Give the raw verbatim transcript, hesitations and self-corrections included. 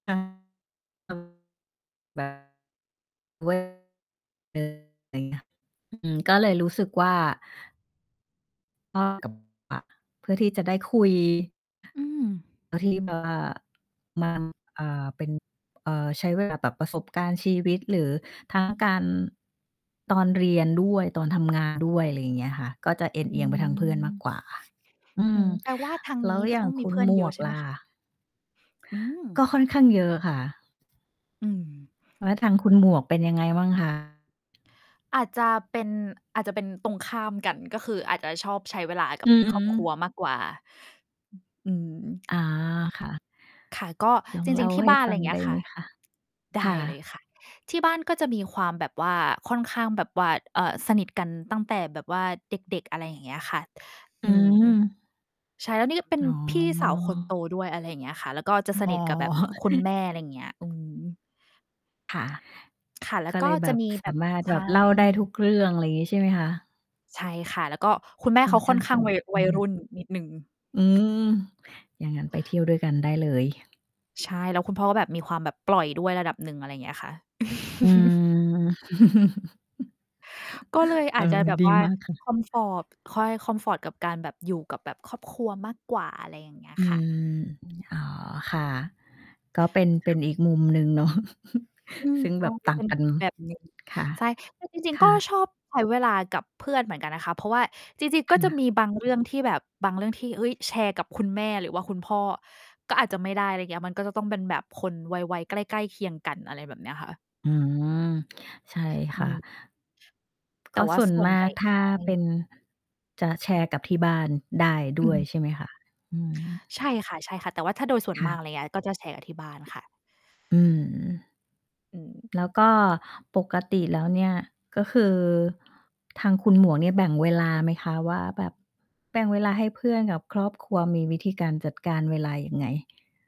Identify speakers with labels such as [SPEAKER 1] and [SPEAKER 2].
[SPEAKER 1] [unintelligible] ไรเงี้ย อืม ก็เลยรู้สึกว่า [unintelligible] เพื่อที่จะได้ คุย
[SPEAKER 2] อืม
[SPEAKER 1] เรื่องที่แบบว่า มัน เอ่อ เป็น เอ่อ ใช้ เวลาแบบ ประสบการณ์ชีวิต หรือ ทั้งการ ตอนเรียนด้วย ตอนทำงานด้วย ไรอย่างเงี้ยค่ะ ก็จะเอนเ
[SPEAKER 2] อ
[SPEAKER 1] อ
[SPEAKER 2] ื
[SPEAKER 1] ียงไปทางเพื่อนมาก
[SPEAKER 2] ม
[SPEAKER 1] กว่า ค่ะ อื
[SPEAKER 2] อื
[SPEAKER 1] ม
[SPEAKER 2] ม แปลว่าทาง
[SPEAKER 1] แล
[SPEAKER 2] น
[SPEAKER 1] ้
[SPEAKER 2] ี้
[SPEAKER 1] ว
[SPEAKER 2] จ
[SPEAKER 1] อ
[SPEAKER 2] ะ
[SPEAKER 1] ย่
[SPEAKER 2] ต
[SPEAKER 1] า
[SPEAKER 2] ้
[SPEAKER 1] ง
[SPEAKER 2] องม
[SPEAKER 1] ค
[SPEAKER 2] ี
[SPEAKER 1] ุ
[SPEAKER 2] เพ
[SPEAKER 1] ณ
[SPEAKER 2] ื่อน
[SPEAKER 1] หม
[SPEAKER 2] เยอ
[SPEAKER 1] ว
[SPEAKER 2] ะ
[SPEAKER 1] ก
[SPEAKER 2] ใช่ไ
[SPEAKER 1] ล
[SPEAKER 2] หม
[SPEAKER 1] ่ะ?
[SPEAKER 2] คะ? อื
[SPEAKER 1] ก
[SPEAKER 2] ม
[SPEAKER 1] ็ค่อนข้างเยอะค่ะ
[SPEAKER 2] อืม
[SPEAKER 1] แล้วทางคุณหมวกเป็นยังไงบ้าง คะ?
[SPEAKER 2] อาจจะเป็น อาจจะเป็นตรงข้ามกัน ก็คืออาจจะชอบใช้เวลากั
[SPEAKER 1] อ
[SPEAKER 2] บ
[SPEAKER 1] ือฮ
[SPEAKER 2] ค
[SPEAKER 1] ึ
[SPEAKER 2] รอบครัว มากกว่า อ อืม
[SPEAKER 1] อ๋อ ค่ะ
[SPEAKER 2] ค่ะ ก็
[SPEAKER 1] ลอ
[SPEAKER 2] จ
[SPEAKER 1] ง
[SPEAKER 2] ร
[SPEAKER 1] เล่
[SPEAKER 2] ิ
[SPEAKER 1] า
[SPEAKER 2] ง ๆ ที่
[SPEAKER 1] ให้
[SPEAKER 2] บ้าน
[SPEAKER 1] ฟ
[SPEAKER 2] ไ
[SPEAKER 1] ั
[SPEAKER 2] รอ
[SPEAKER 1] ง
[SPEAKER 2] ย่างเง
[SPEAKER 1] ไ
[SPEAKER 2] ี
[SPEAKER 1] ด
[SPEAKER 2] ้
[SPEAKER 1] ้
[SPEAKER 2] ยค
[SPEAKER 1] ไห
[SPEAKER 2] ่
[SPEAKER 1] ม
[SPEAKER 2] ะ
[SPEAKER 1] คะ?
[SPEAKER 2] ได
[SPEAKER 1] ค
[SPEAKER 2] ้
[SPEAKER 1] ่
[SPEAKER 2] เลย
[SPEAKER 1] ะ
[SPEAKER 2] ค่ะ ที่บ้านก็จะมีความแบบว่า ค่อนข้างแบบว่า เอ่อ สนิทกันตั้งแต่แบบว่าเด็ก ๆ อะไรอย่างเงี้ยค่ะ
[SPEAKER 1] อื
[SPEAKER 2] อืม
[SPEAKER 1] ม
[SPEAKER 2] ใช่ แล้วนี่ก็เป็น
[SPEAKER 1] อ๋อ
[SPEAKER 2] พี่สาวคนโตด้วย อะไรอย่างเงี้ยค่ะ แล้วก็จะ
[SPEAKER 1] อ
[SPEAKER 2] ส
[SPEAKER 1] อ๋อ
[SPEAKER 2] นิทกับแบบคุณแม่ อะไรอย่างเงี้ย อืม
[SPEAKER 1] ค่ะ
[SPEAKER 2] ค่ะ แล้
[SPEAKER 1] ก
[SPEAKER 2] ว
[SPEAKER 1] ็
[SPEAKER 2] ก
[SPEAKER 1] เ
[SPEAKER 2] ็
[SPEAKER 1] ลยแ
[SPEAKER 2] จ
[SPEAKER 1] บ
[SPEAKER 2] ะ
[SPEAKER 1] บ
[SPEAKER 2] มี
[SPEAKER 1] ส
[SPEAKER 2] แบ
[SPEAKER 1] า
[SPEAKER 2] บ
[SPEAKER 1] มารถ
[SPEAKER 2] ใช
[SPEAKER 1] แบ
[SPEAKER 2] ่
[SPEAKER 1] บเล่าได้ทุกเรื่อง ไรอย่างงี้ ใช่ไหมคะ?
[SPEAKER 2] ใช่ค่ะ แล้วก็คุณแม่
[SPEAKER 1] ค่
[SPEAKER 2] เ
[SPEAKER 1] อ
[SPEAKER 2] ข
[SPEAKER 1] น
[SPEAKER 2] าค
[SPEAKER 1] ข
[SPEAKER 2] ่
[SPEAKER 1] ้
[SPEAKER 2] อ
[SPEAKER 1] า
[SPEAKER 2] น
[SPEAKER 1] ง
[SPEAKER 2] ข้
[SPEAKER 1] ส
[SPEAKER 2] าง
[SPEAKER 1] น
[SPEAKER 2] ว
[SPEAKER 1] ิ
[SPEAKER 2] ั
[SPEAKER 1] ท
[SPEAKER 2] ย
[SPEAKER 1] อ
[SPEAKER 2] ว
[SPEAKER 1] ื
[SPEAKER 2] ัยร
[SPEAKER 1] ม
[SPEAKER 2] ุ่นนิดหนึ่ง
[SPEAKER 1] อืม อย่างงั้นไปเที่ยวด้วยกันได้เลย
[SPEAKER 2] ใช่ แล้วคุณพ่อก็แบบมีความแบบปล่อยด้วยระดับหนึ่ง อะไรอย่างเงี้ยค่ะ
[SPEAKER 1] อืม
[SPEAKER 2] ก็เลย
[SPEAKER 1] เ
[SPEAKER 2] อ
[SPEAKER 1] อ
[SPEAKER 2] า
[SPEAKER 1] อ
[SPEAKER 2] จจะแบบ
[SPEAKER 1] ดี
[SPEAKER 2] ว่า
[SPEAKER 1] มากค่ะ
[SPEAKER 2] คอมฟอร์บ ค่อยให้คอมฟอร์ตกับการแบบอยู่กับแบบครอบครัวมากกว่า อะไรอย่างเงี้ย
[SPEAKER 1] อื
[SPEAKER 2] ค่ะ
[SPEAKER 1] ม อ๋อ ค่ะ ก็เป็น เป็
[SPEAKER 2] ค่
[SPEAKER 1] น
[SPEAKER 2] ะ
[SPEAKER 1] อีกมุมหนึ่งเนาะ
[SPEAKER 2] อืม
[SPEAKER 1] ซึ่ง
[SPEAKER 2] เ
[SPEAKER 1] แบ
[SPEAKER 2] รา
[SPEAKER 1] บ
[SPEAKER 2] จ
[SPEAKER 1] ต
[SPEAKER 2] ะ
[SPEAKER 1] ่า
[SPEAKER 2] เป
[SPEAKER 1] ง
[SPEAKER 2] ็น
[SPEAKER 1] กัน
[SPEAKER 2] อีกแบบหนึ่ง
[SPEAKER 1] ค่ะ
[SPEAKER 2] ใช่ แต่จริ
[SPEAKER 1] ค
[SPEAKER 2] ง ๆ ก็
[SPEAKER 1] ่
[SPEAKER 2] ช
[SPEAKER 1] ะ
[SPEAKER 2] อบใช้เวลากับเพื่อนเหมือนกันนะคะ เพราะว่า จริง
[SPEAKER 1] ค
[SPEAKER 2] ๆ ก็จะ
[SPEAKER 1] ่ะ
[SPEAKER 2] มีบาง เรื่องที่แบบ บางเรื่องที่ เฮ้ย แชร์กับคุณแม่หรือว่าคุณพ่อ ก็อาจจะไม่ได้ ไรเงี้ย มันก็จะต้องเป็นแบบคนวัย วัยใกล้ ๆ เคียงกัน อะไรแบบนี้ค่ะ
[SPEAKER 1] อืม ใช่
[SPEAKER 2] อ
[SPEAKER 1] ค
[SPEAKER 2] ื
[SPEAKER 1] ่ะ
[SPEAKER 2] ม แต
[SPEAKER 1] ก
[SPEAKER 2] ่
[SPEAKER 1] ็
[SPEAKER 2] ว่
[SPEAKER 1] ส
[SPEAKER 2] า
[SPEAKER 1] ่ว
[SPEAKER 2] ส
[SPEAKER 1] น
[SPEAKER 2] ่ว
[SPEAKER 1] ม
[SPEAKER 2] น
[SPEAKER 1] า
[SPEAKER 2] ใหญ
[SPEAKER 1] ก
[SPEAKER 2] ่
[SPEAKER 1] ถ้า
[SPEAKER 2] ใช
[SPEAKER 1] เป
[SPEAKER 2] ่
[SPEAKER 1] ็น จะแชร์กับที่บ้านได้ด
[SPEAKER 2] อื
[SPEAKER 1] ้
[SPEAKER 2] อ
[SPEAKER 1] วย
[SPEAKER 2] ฮึ
[SPEAKER 1] ใช่ไหมคะ? อืม
[SPEAKER 2] ใช่ค่ะ ๆ แต่ว่าถ้าโดยส่วน
[SPEAKER 1] ค่
[SPEAKER 2] มา
[SPEAKER 1] ะ
[SPEAKER 2] ก ไรเงี้ย ก็แชร์กับที่บ้านค่ะ
[SPEAKER 1] อืม
[SPEAKER 2] อืม
[SPEAKER 1] แล้วก็ ปกติแล้วเนี่ย ก็คือ ทางคุณหมวกเนี่ย แบ่งเวลาไหมคะ? ว่าแบบ แบ่งเวลาให้เพื่อนกับ ครอบครัว มีวิธีการจัดการเวลายังไง?